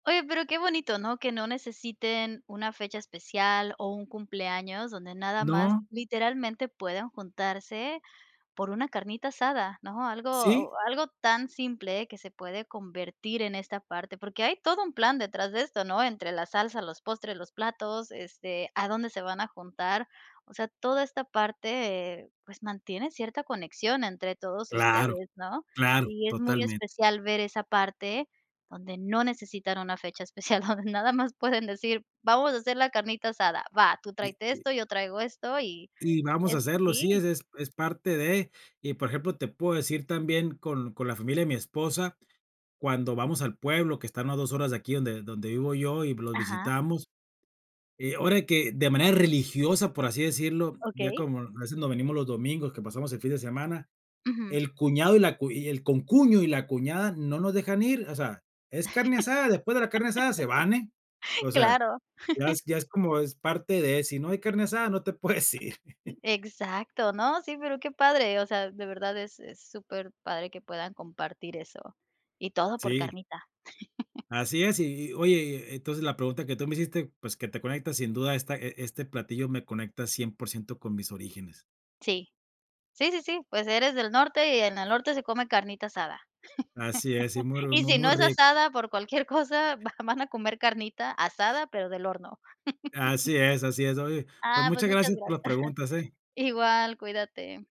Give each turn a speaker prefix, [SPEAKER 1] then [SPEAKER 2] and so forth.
[SPEAKER 1] Oye, pero qué bonito, ¿no?, que no necesiten una fecha especial, o un cumpleaños, donde nada más,
[SPEAKER 2] No.
[SPEAKER 1] literalmente, pueden juntarse por una carnita asada, ¿no?, algo
[SPEAKER 2] Sí.
[SPEAKER 1] algo tan simple, que se puede convertir en esta parte. Porque hay todo un plan detrás de esto, ¿no?, entre la salsa, los postres, los platos, este, a dónde se van a juntar. O sea, toda esta parte, eh, pues, mantiene cierta conexión entre todos
[SPEAKER 2] Claro,
[SPEAKER 1] ustedes, ¿no?,
[SPEAKER 2] claro.
[SPEAKER 1] y es muy
[SPEAKER 2] Totalmente.
[SPEAKER 1] especial ver esa parte, donde no necesitan una fecha especial, donde nada más pueden decir, vamos a hacer la carnita asada, va, tú
[SPEAKER 2] Y
[SPEAKER 1] tráete
[SPEAKER 2] y
[SPEAKER 1] esto, yo traigo esto y
[SPEAKER 2] y vamos a
[SPEAKER 1] es
[SPEAKER 2] hacerlo. Sí,
[SPEAKER 1] sí.
[SPEAKER 2] es es es parte de. Y por ejemplo, te puedo decir también, con con la familia de mi esposa, cuando vamos al pueblo, que están a 2 horas de aquí, donde donde vivo yo, y los
[SPEAKER 1] Ajá.
[SPEAKER 2] visitamos. Eh, ahora que de manera religiosa, por así decirlo, ya
[SPEAKER 1] Okey.
[SPEAKER 2] como, a veces nos venimos los domingos, que pasamos el fin de semana.
[SPEAKER 1] Ujú.
[SPEAKER 2] El cuñado y la cu y el concuño y la cuñada, no nos dejan ir, o sea, es carne asada, después de la carne asada, se van, eh. O sea,
[SPEAKER 1] Claro.
[SPEAKER 2] ya es ya es como es parte de. Si no hay carne asada, no te puedes ir.
[SPEAKER 1] Exacto. No, sí, pero qué padre. O sea, de verdad es es superpadre que puedan compartir eso. Y todo por
[SPEAKER 2] Sí.
[SPEAKER 1] carnita.
[SPEAKER 2] Así es. Y y oye y entonces, la pregunta que tú me hiciste, pues que te conectas, sin duda esta e este platillo me conecta 100% con mis orígenes.
[SPEAKER 1] Sí. Sí, sí, sí, pues eres del norte, y en el norte se come carnita asada.
[SPEAKER 2] Así es, Y muy ru
[SPEAKER 1] Y
[SPEAKER 2] muy
[SPEAKER 1] si no
[SPEAKER 2] muy,
[SPEAKER 1] es
[SPEAKER 2] rico.
[SPEAKER 1] asada, por cualquier cosa, va van a comer carnita asada, pero del horno.
[SPEAKER 2] Así es, así es. Oye, pues
[SPEAKER 1] Ah, pues
[SPEAKER 2] muchas
[SPEAKER 1] muchas
[SPEAKER 2] gracias por las
[SPEAKER 1] gracias.
[SPEAKER 2] preguntas, eh.
[SPEAKER 1] Igual, cuídate.